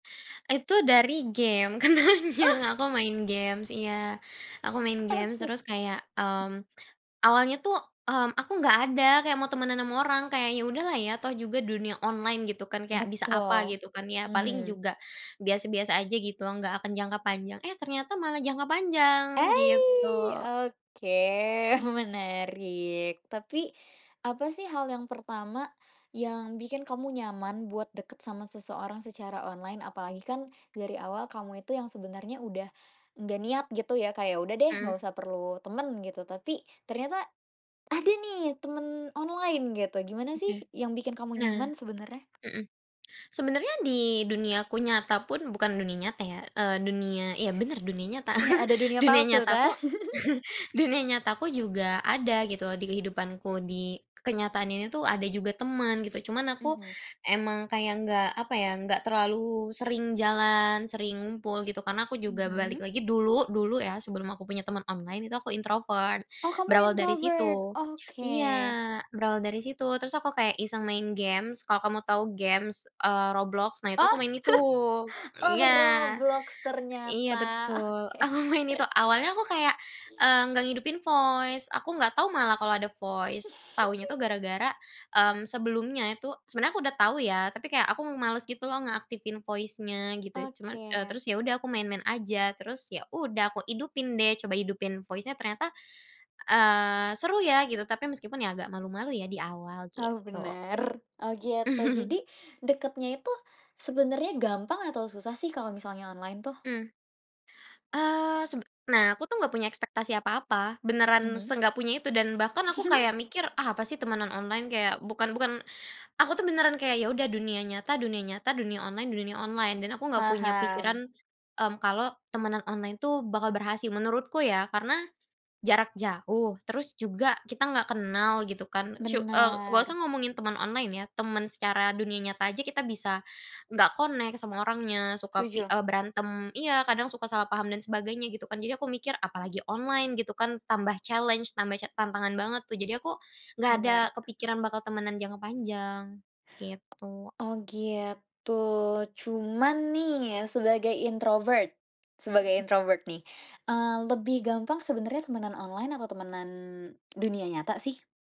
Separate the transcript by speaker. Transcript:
Speaker 1: Itu dari game
Speaker 2: Oh.
Speaker 1: kenalnya. Aku main games iya. Aku main games,
Speaker 2: Oke
Speaker 1: terus kayak mmm, awalnya tuh mmm, aku enggak ada kayak mau temenan sama orang. Kayaknya udah lah ya toh juga dunia online, gitu kan, kayak bisa apa
Speaker 2: Betul.
Speaker 1: gitu kan ya. Paling
Speaker 2: Mhm.
Speaker 1: juga, biasa-biasa aja gitu, enggak akan jangka panjang. Eh, ternyata malah jangka panjang, gitu.
Speaker 2: Aih, oke. Menarik. Tapi, apa sih hal yang pertama, yang bikin kamu nyaman buat deket sama seseorang secara online, apalagi kan dari awal kamu itu yang sebenarnya udah, enggak niat gitu ya kayak udah deh
Speaker 1: Hmm.
Speaker 2: enggak usah perlu temen, gitu. Tapi ternyata ada nih temen online gitu, gimana sih
Speaker 1: Oke.
Speaker 2: yang bikin kamu
Speaker 1: Nah.
Speaker 2: nyaman, sebenarnya?
Speaker 1: Hmm. Sebenarnya di duniaku nyata pun, bukan dunia nyata ya, eee, dunia, iya benar dunia nyata.
Speaker 2: Eh, ada dunia
Speaker 1: Dunia
Speaker 2: palsu
Speaker 1: nyata aku,
Speaker 2: tah?
Speaker 1: dunia nyata aku, juga ada gitu di kehidupanku, di kenyataan ini tuh ada juga teman gitu, cuman aku
Speaker 2: Mhm.
Speaker 1: emang kayak enggak apa ya, enggak terlalu sering jalan, sering ngumpul gitu. Karena aku juga balik
Speaker 2: Mhm.
Speaker 1: lagi dulu dulu ya sebelum aku punya teman online itu aku introvert.
Speaker 2: Oh kamu
Speaker 1: Berawal dari
Speaker 2: introvert?
Speaker 1: situ iya,
Speaker 2: Oke.
Speaker 1: berawal dari situ, terus aku kayak iseng main games. Kalau kamu tahu games, eee, Roblox. Nah, itu
Speaker 2: Oh.
Speaker 1: aku main itu
Speaker 2: Oh
Speaker 1: iya
Speaker 2: Roblox
Speaker 1: iya
Speaker 2: ternyata.
Speaker 1: betul. Aku
Speaker 2: Oke.
Speaker 1: main itu. Awalnya aku kayak eee, enggak ngidupin voice, aku enggak tahu malah kalau ada voice. Tahunya tuh gara-gara, mmm, sebelumnya itu, sebenarnya aku udah tahu ya, tapi kayak aku males gitu loh ngeaktifin voice-nya gitu. Cuman, eee,
Speaker 2: Oke.
Speaker 1: terus ya udah aku main-main aja. Terus, ya udah aku idupin deh. Coba hidupin voice-nya ternyata, eee, seru ya gitu. Tapi meskipun ya agak malu-malu ya di awal,
Speaker 2: Oh
Speaker 1: gitu.
Speaker 2: bener. Oh gitu. Jadi deketnya itu, sebenernya gampang atau susah sih kalau misalnya online tuh?
Speaker 1: Mhm. Eee, seb nah, aku tuh enggak punya ekspektasi apa-apa. Beneran
Speaker 2: Mhm.
Speaker 1: se-enggak punya itu dan bahkan aku kayak mikir apa "ah, apa sih temanan online." Kayak bukan bukan, aku tuh beneran kayak, ya udah dunia nyata, dunia nyata, dunia online, dunia online. Dan aku enggak punya
Speaker 2: Paham.
Speaker 1: pikiran mmm, kalau temanan online tuh bakal berhasil. Menurutku ya. Karena jarak jauh, terus juga kita enggak kenal gitu kan. Su eee, enggak usah
Speaker 2: Bener.
Speaker 1: ngomongin temen online ya, temen secara dunia nyata aja, kita bisa enggak connect sama orangnya, suka i
Speaker 2: Setuju.
Speaker 1: eee, berantem iya, kadang suka salah paham dan sebagainya gitu kan. Jadi, aku mikir "apalagi online gitu kan?". Tambah challenge, tambah ca tantangan banget tuh, jadi aku enggak ada
Speaker 2: Benar.
Speaker 1: kepikiran bakal temenan jangka panjang. Gitu.
Speaker 2: Oh gitu. Cuman nih ya, sebagai introvert sebagai
Speaker 1: Mhm.
Speaker 2: introvert nih. Eee, lebih gampang sebenernya temenan online atau temenan dunia nyata sih?